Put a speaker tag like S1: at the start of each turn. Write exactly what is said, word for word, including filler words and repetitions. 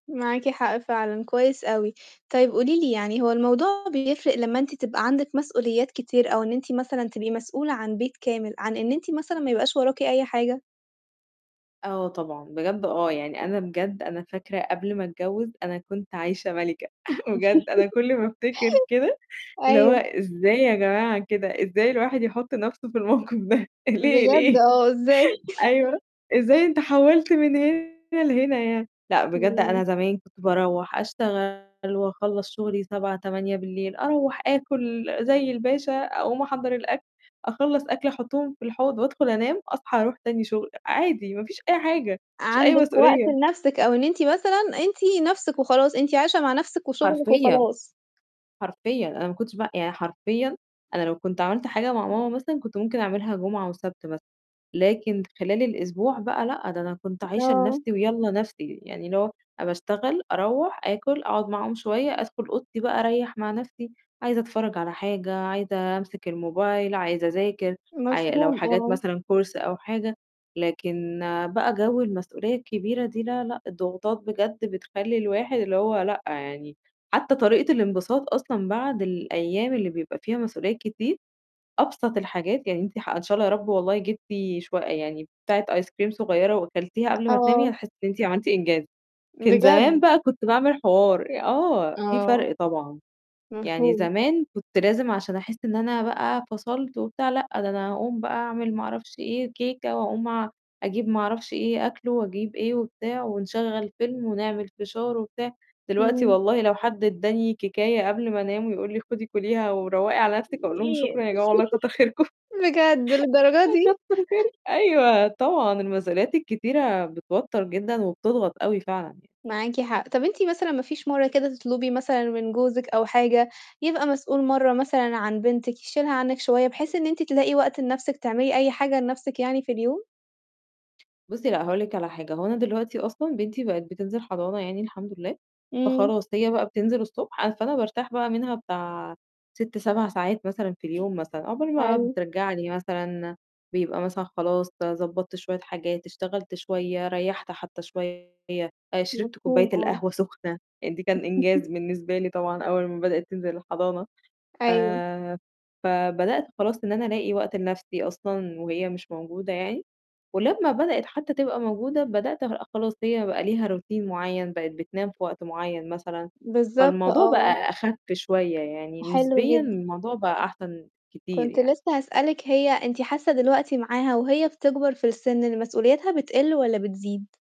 S1: معاكِ حق فعلًا، كويس أوي. طيب قولي لي يعني هو الموضوع بيفرق لمّا أنتِ تبقى عندِك مسؤوليات كتير أو إن أنتِ مثلًا تبقي مسؤولة عن بيت كامل، عن إن أنتِ مثلًا ما يبقاش وراكِ أي حاجة؟
S2: آه طبعًا، بجد آه، يعني أنا بجد أنا فاكرة قبل ما أتجوِّز أنا كنت عايشة مَلِكة بجد أنا كُلّ ما أفتكر كده اللي هو
S1: أيوه.
S2: إزاي يا جماعة كده، إزاي الواحد يحُط نَفْسه في الموقف ده ليه،
S1: بجد
S2: ليه؟
S1: آه، إزاي؟
S2: أيوه، إزاي أنت حوّلت من هنا لهنا يعني؟ لأ بجد أنا
S1: إمم.
S2: زمان كنت بارُوح أشتغل وأخلّص شُغلي سبعة، تمانية بالليل أرَوَّح آكُل زي الباشا أقوم أحضّر الأكل، أخلّص أكل أحُطّهم في الحوض وأدخل أنام، أصحى أرُوح تاني شُغل، عادي ما فيش أي حاجة، ما فيش أي
S1: عندِك وقت
S2: مسؤولية.
S1: لنَفْسِك أو إن أنتِ مثلًا أنتِ نَفْسِك وخلاص، أنتِ عايشة مع نَفْسِك وشُغلِك
S2: حرفيًا،
S1: وخلاص.
S2: حرفيًا، أنا ما كنتش بقى يعني حرفيًا أنا لو كنت عَمَلت حاجة مع ماما مثلًا كنت ممكن أعملها جمعة وسَبت بس، لكن خلال الأسبوع بقى لأ، ده أنا كنت عايشة
S1: آه.
S2: لنَفْسي ويالّا نَفْسي، يعني اللي هو أنا باشتغل، أروّح، آكُل، أقعد معاهم شوية، أدخُل أوضتي بقى أريّح مع نَفْسي، عايزة أتفرّج على حاجة، عايزة أمسك الموبايل، عايزة أذاكر، عاي لو
S1: مفهوم،
S2: حاجات
S1: آه.
S2: مثلًا كورس أو حاجة، لكن بقى جَوّ المسؤولية الكبيرة دي لا، لأ، الضغوطات بجد بتخلّي الواحد اللي هو لأ، يعني حتّى طريقة الانبساط أصلًا بعد الأيام اللي بيبقى فيها مسؤوليات كتير، أبسط الحاجات يعني أنتِ ح إن شاء الله يا رب والله جِبتِ شو يعني بتاعة ايس كريم صغيرة وأكلتيها قبل ما تنامي
S1: آه.
S2: هتحسّي إن أنت عملتِ إنجاز. كان زمان
S1: بجد؟
S2: بقى كنت باعمل حوار، آه، في
S1: آه.
S2: فرق طبعًا. يعني
S1: مفهوم.
S2: زمان كنت لازم عشان أحس إن أنا بقى فصلت وبتاع لأ، ده أنا هاقوم بقى أعمل ما أعرفش إيه كيكة وأقوم أ أجيب ما أعرفش إيه، أكلُه وأجيب إيه وبتاع ونشغّل فيلم ونعمل فشار وبتاع، دلوقتي
S1: إمم.
S2: والله لو حد ادّاني كيكاية قبل ما أنام ويقول لي خُدي كُليها وروّقي على
S1: [unintelligible]
S2: نَفْسِك. أقول لهم شكرًا يا جماعة والله كتّر خيركم.
S1: بجد! للدرجة
S2: آه
S1: دي؟!
S2: كتّر خير أيوه طبعًا، المسؤوليات الكتيرة بتوتَّر جدًا وبتضغط أوي فعلًا ي
S1: معاكِ حق. طَب أنتِ مثلًا ما فيش مرّه كده تطلُبي مثلًا من جوزِك أو حاجة، يبقى مسؤول مرّة مثلًا عن بنتِك يشيلها عنِّك شوية، بحيث إن أنتِ تلاقي وقت لنَفْسِك تعملي أي حاجة لنَفْسِك يعني في اليوم؟
S2: بُصّي، لأ هاقول لِك على حاجة، هو أنا دلوقتي أصلًا بنتي بقِت بتنزل حضانة يعني الحمد لله،
S1: إمم.
S2: فخلاص هي بقى بتنزل الصبح، أ فأنا بارتاح بقى منها بتاع سِتّ، سَبَع ساعات مثلًا في اليوم مثلًا عقبال ما
S1: حلو.
S2: بترجع لي مثلًا بيبقى مثلًا خلاص ضبّطت شوية حاجات، اشتغلت شوية، ريّحت حتى شوية، شربت كوباية
S1: مفهوم، آه.
S2: القهوة سُخنة، يعني دي كان إنجاز بالنسبة لي طبعًا أول ما بدأِت تنزل الحضانة.
S1: أيوه.
S2: آآ، فبدأت خلاص إن أنا ألاقي وقت لنَفْسي أصلًا، وهي مش موجودة يعني ولمّا بدأِت حتى تبقى موجودة، بدأت أبقى خ خلاص هي بقى ليها روتين معيّن بقِت بتنام في وقت معيّن مثلًا،
S1: بالضبط
S2: فالموضوع
S1: آه.
S2: بقى أخَفّ شوية يعني،
S1: حلو
S2: نسبيًا
S1: جدًا.
S2: الموضوع بقى أحسن كتير
S1: كنت
S2: يعني.
S1: لسّه هاسألِك هي أنتِ حاسة دلوقتي معاها وهي بتكبر في السِنّ إن مسؤولياتها بتقِلّ والَّا بتزيد؟